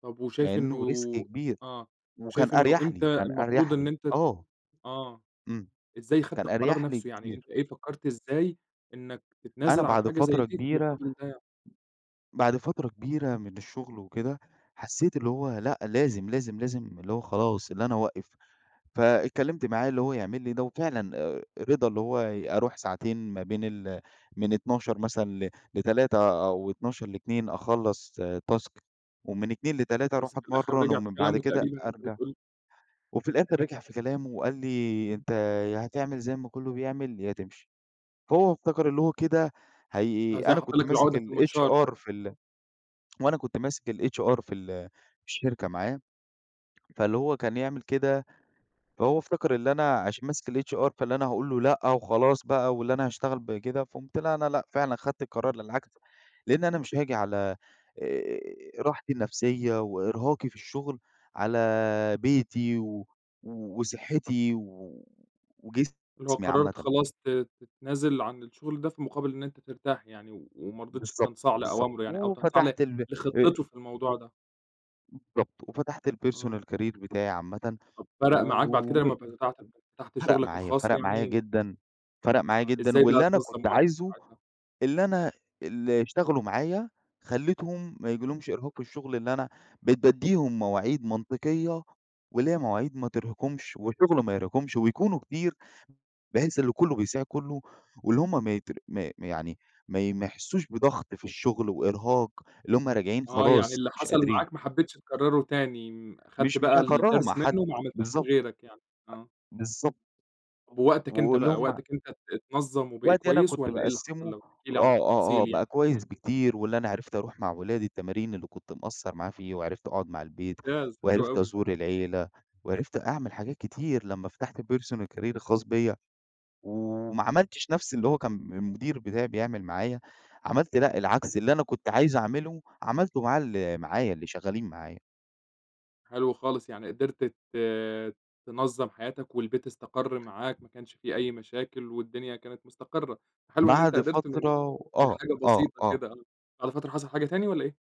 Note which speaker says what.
Speaker 1: طب و
Speaker 2: مع
Speaker 1: شايف إنه
Speaker 2: إنه risk كبير.
Speaker 1: آه،
Speaker 2: وكان
Speaker 1: وشايف إنه
Speaker 2: أريح
Speaker 1: إمتى
Speaker 2: لي، كان أريح
Speaker 1: المفروض إن
Speaker 2: لي،
Speaker 1: أنت ت
Speaker 2: آه.
Speaker 1: آه.
Speaker 2: إمم،
Speaker 1: إزاي أخدت
Speaker 2: كان
Speaker 1: القرار
Speaker 2: أريح لي
Speaker 1: نفسه، يعني أنت
Speaker 2: كتير.
Speaker 1: إيه فكرّت إزاي إنك
Speaker 2: أنا
Speaker 1: تتنازِل عن
Speaker 2: بعد
Speaker 1: حاجة زي
Speaker 2: فترة
Speaker 1: دي في
Speaker 2: كبيرة
Speaker 1: مقابل ده؟ ي
Speaker 2: بعد فترة كبيرة من الشغل وكده، حسيت اللي هو لأ، لازم، لازم، لازم اللي هو خلاص إن أنا أوقف. فإتكلمت معاه اللي هو يعمل لي ده، وفعلًا آآ، رضى اللي هو ي أروح ساعتين ما بين ال من 12:00 مثلًا ل ل15:00 أو 12:00 ل14:00 أخلّص task ومن 14:00 ل15:00 أروح
Speaker 1: بس في الآخر
Speaker 2: أتمرن
Speaker 1: رجع في
Speaker 2: ومن بعد
Speaker 1: كلامُه
Speaker 2: كده
Speaker 1: تقريبًا، أنت
Speaker 2: أرجع.
Speaker 1: بتقول لي.
Speaker 2: وفي الآخر رجع في كلامه وقال لي:
Speaker 1: امم.
Speaker 2: "أنت ياهتعمل زي ما كله بيعمل يا تمشي." هو افتكر اللي هو كده هي
Speaker 1: زي
Speaker 2: أنا
Speaker 1: حط
Speaker 2: كنت
Speaker 1: لك
Speaker 2: ماسك
Speaker 1: العقدة في المنشار كده.
Speaker 2: الHR في ال وأنا كنت ماسك الHR في ال الشركة معاه، فاللي هو كان يعمل كده فهو افتكر اللي أنا عشان ماسك الHR فاللي أنا هاقول له لأ، وخلاص بقى واللي أنا هاشتغل بكده، فقمت لأ، أنا لأ، فعلًا أخدت القرار للعكس. لإن أنا مش هاجي على، آآ، راحتي النفسية وإرهاقي في الشغل على بيتي و وصحتي و
Speaker 1: اللي هو
Speaker 2: وجسمي
Speaker 1: قررت
Speaker 2: عامةً.
Speaker 1: خلاص ت تتنازل عن الشغل ده، في مقابل إن أنت ترتاح يعني و ومرضيتش
Speaker 2: بالضبط،
Speaker 1: تنصاع
Speaker 2: بالضبط،
Speaker 1: لأوامره يعني أو تنصاع ل
Speaker 2: وفتحت ال آآ
Speaker 1: لخطته في الموضوع ده.
Speaker 2: بالضبط وفتحت
Speaker 1: إمم.
Speaker 2: الpersonal career بتاعي عامةً،
Speaker 1: طب فرق معاك بعد كده لما
Speaker 2: وم
Speaker 1: ب [unintelligible] فتحت
Speaker 2: فرق
Speaker 1: شغلك
Speaker 2: معايا،
Speaker 1: الخاص
Speaker 2: فرق معايا
Speaker 1: يعني؟
Speaker 2: جدًا فرق معايا
Speaker 1: آه،
Speaker 2: جدًا.
Speaker 1: إزاي بقى
Speaker 2: واللي أنا كنت
Speaker 1: تنظم وقتك
Speaker 2: عايزه
Speaker 1: ساعتها؟
Speaker 2: اللي أنا اللي اشتغلوا معايا، خليتهم ما يجيلهمش إرهاق في الشغل، لأن أنا بقيت باديهم مواعيد منطقية واللي هي مواعيد ما ترهقهمش وشغل ما يرهقهمش، ويكونوا كتير بحيث إن كله بيساعد كله، واللي هم ما يت ما يعني ما ما يحسوش بضغط في الشغل وإرهاق، اللي هم راجعين
Speaker 1: آه، يعني
Speaker 2: خلاص،
Speaker 1: اللي
Speaker 2: مش
Speaker 1: حصل
Speaker 2: قادرين.
Speaker 1: معاك ما حبيتش تكرره تاني، أخدت
Speaker 2: مش مش
Speaker 1: بقى
Speaker 2: هاكرره مع
Speaker 1: الدرس
Speaker 2: حد،
Speaker 1: منه وما عملتهوش في
Speaker 2: بالضبط.
Speaker 1: غيرك يعني، آه.
Speaker 2: أ بالضبط،
Speaker 1: طب ووقتك أنت
Speaker 2: واللي
Speaker 1: بقى،
Speaker 2: هم
Speaker 1: وقتك أنت ات اتنظم وبقى
Speaker 2: وقتي أنا
Speaker 1: كويس
Speaker 2: كنت
Speaker 1: والّا إيه اللي حصل،
Speaker 2: باقسمه
Speaker 1: لو تحكي لي عن
Speaker 2: آه، آه، آه،
Speaker 1: التفاصيل يعني؟
Speaker 2: بقى كويس بكتير واللي أنا عرِفت أروح مع ولادي التمارين اللي كنت مقصر معاه فيه وعرِفت أقعد مع البيت،
Speaker 1: ممتاز، حلو
Speaker 2: وعرِفت
Speaker 1: أوي.
Speaker 2: أزور العيلة وعرفت أعمل حاجات كتير، لما فتحت الpersonal career الخاص بيَّ. وما عملتش نفس اللي هو كان م المدير بتاعى بيعمل معايا، عملت لأ، العكس اللي أنا كنت عايز أعمله عملته مع اللي معايا، اللي شغالين معايا.
Speaker 1: حلو خالص، يعني قدرت ت تنظم حياتك والبيت استقر معاك، ما كانش في أي مشاكل والدنيا كانت مُستقرة. حلو إن أنت
Speaker 2: بعد
Speaker 1: قدرت من
Speaker 2: فترة و
Speaker 1: من
Speaker 2: آه،
Speaker 1: حاجة
Speaker 2: آه،
Speaker 1: بسيطة
Speaker 2: آه.
Speaker 1: كده آه، بعد فترة حصل حاجة تاني والّا إيه؟